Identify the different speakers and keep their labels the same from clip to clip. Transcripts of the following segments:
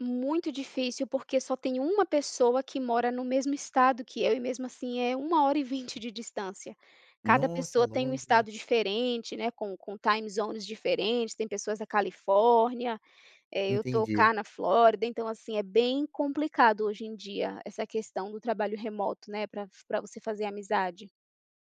Speaker 1: Muito difícil, porque só tem uma pessoa que mora no mesmo Estado que eu, e mesmo assim é 1 hora e 20 de distância. Cada
Speaker 2: Nossa,
Speaker 1: pessoa tá em um
Speaker 2: longe, né.
Speaker 1: Estado diferente, né, com com time zones diferentes, tem pessoas da Califórnia. Eh, eu estou
Speaker 2: Entendi.
Speaker 1: cá na Flórida, então assim, é bem complicado hoje em dia essa questão do trabalho remoto, né, para f pra você fazer amizade.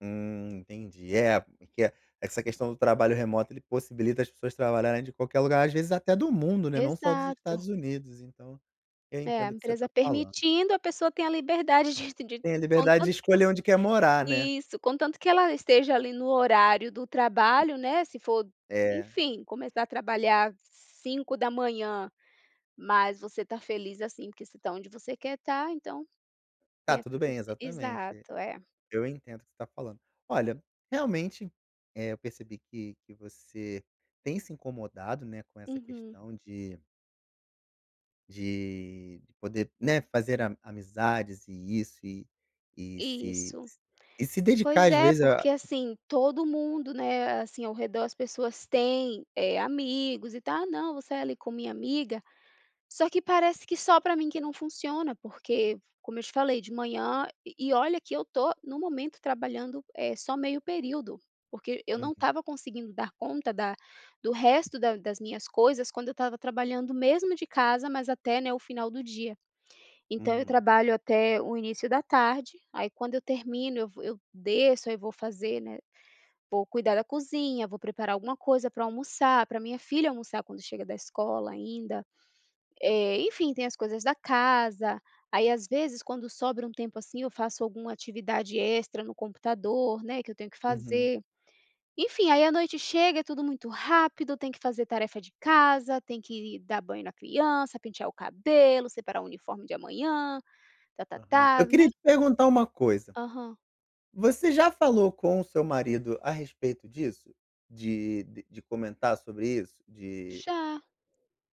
Speaker 2: Hum, entendi. É, porque é, essa questão do trabalho remoto, ele possibilita as pessoas trabalharem de qualquer lugar, às vezes até do mundo, né, não só dos
Speaker 1: Exato.
Speaker 2: Estados Unidos, então eu
Speaker 1: É, a
Speaker 2: entendo o que você está
Speaker 1: empresa
Speaker 2: falando.
Speaker 1: permitindo, a pessoa tem a liberdade de de
Speaker 2: Tem a liberdade de
Speaker 1: contanto que
Speaker 2: escolher onde quer morar, né.
Speaker 1: isso, contanto que ela esteja ali, no horário do trabalho, né, se for,
Speaker 2: É.
Speaker 1: enfim, começar a trabalhar 5h, mas você está feliz assim, porque você está onde você quer estar, então
Speaker 2: Tá
Speaker 1: tem essa
Speaker 2: tudo bem,
Speaker 1: flexi
Speaker 2: exatamente.
Speaker 1: exato, é.
Speaker 2: Eu entendo o que você está falando. Olha, realmente, eh, eu percebi que que você tem se incomodado, né, com essa
Speaker 1: Uhum.
Speaker 2: questão de de poder, né, fazer ami amizades, e isso, e e se
Speaker 1: Isso.
Speaker 2: s e se
Speaker 1: Pois
Speaker 2: dedicar, às
Speaker 1: é,
Speaker 2: vezes, a
Speaker 1: porque assim, todo mundo, né, assim, ao redor, as pessoas têm, eh, amigos, e tal, "ah, não, vou sair, ali, com a minha amiga", só que parece que só pra mim que não funciona, porque, como eu te falei, de manhã e e olha que eu estou no momento trabalhando, eh, só meio período, porque eu não
Speaker 2: Uhum.
Speaker 1: estava conseguindo dar conta da do resto da das minhas coisas quando eu estava trabalhando, mesmo de casa, mas até, né, o final do dia. Então, eu
Speaker 2: Uhum.
Speaker 1: trabalho até o início da tarde, aí quando eu termino, eu vou eu desço, aí vou fazer, né, vou cuidar da cozinha, vou preparar alguma coisa para eu almoçar, para minha filha almoçar quando chega da escola ainda. Eh, enfim, tem as coisas da casa. Aí às vezes, quando sobra um tempo, assim, eu faço alguma atividade extra no computador, né, que eu tenho que
Speaker 2: Uhum.
Speaker 1: fazer. Enfim, aí a noite chega, é tudo muito rápido, tem que fazer tarefa de casa, tem que ir dar banho na criança, pentear o cabelo, separar o uniforme de amanhã,
Speaker 2: Aham.
Speaker 1: tá-tá-tá,
Speaker 2: Eu queria
Speaker 1: né.
Speaker 2: te perguntar uma coisa,
Speaker 1: Aham.
Speaker 2: você já falou com o seu marido a respeito disso? De de comentar sobre isso? De
Speaker 1: Já.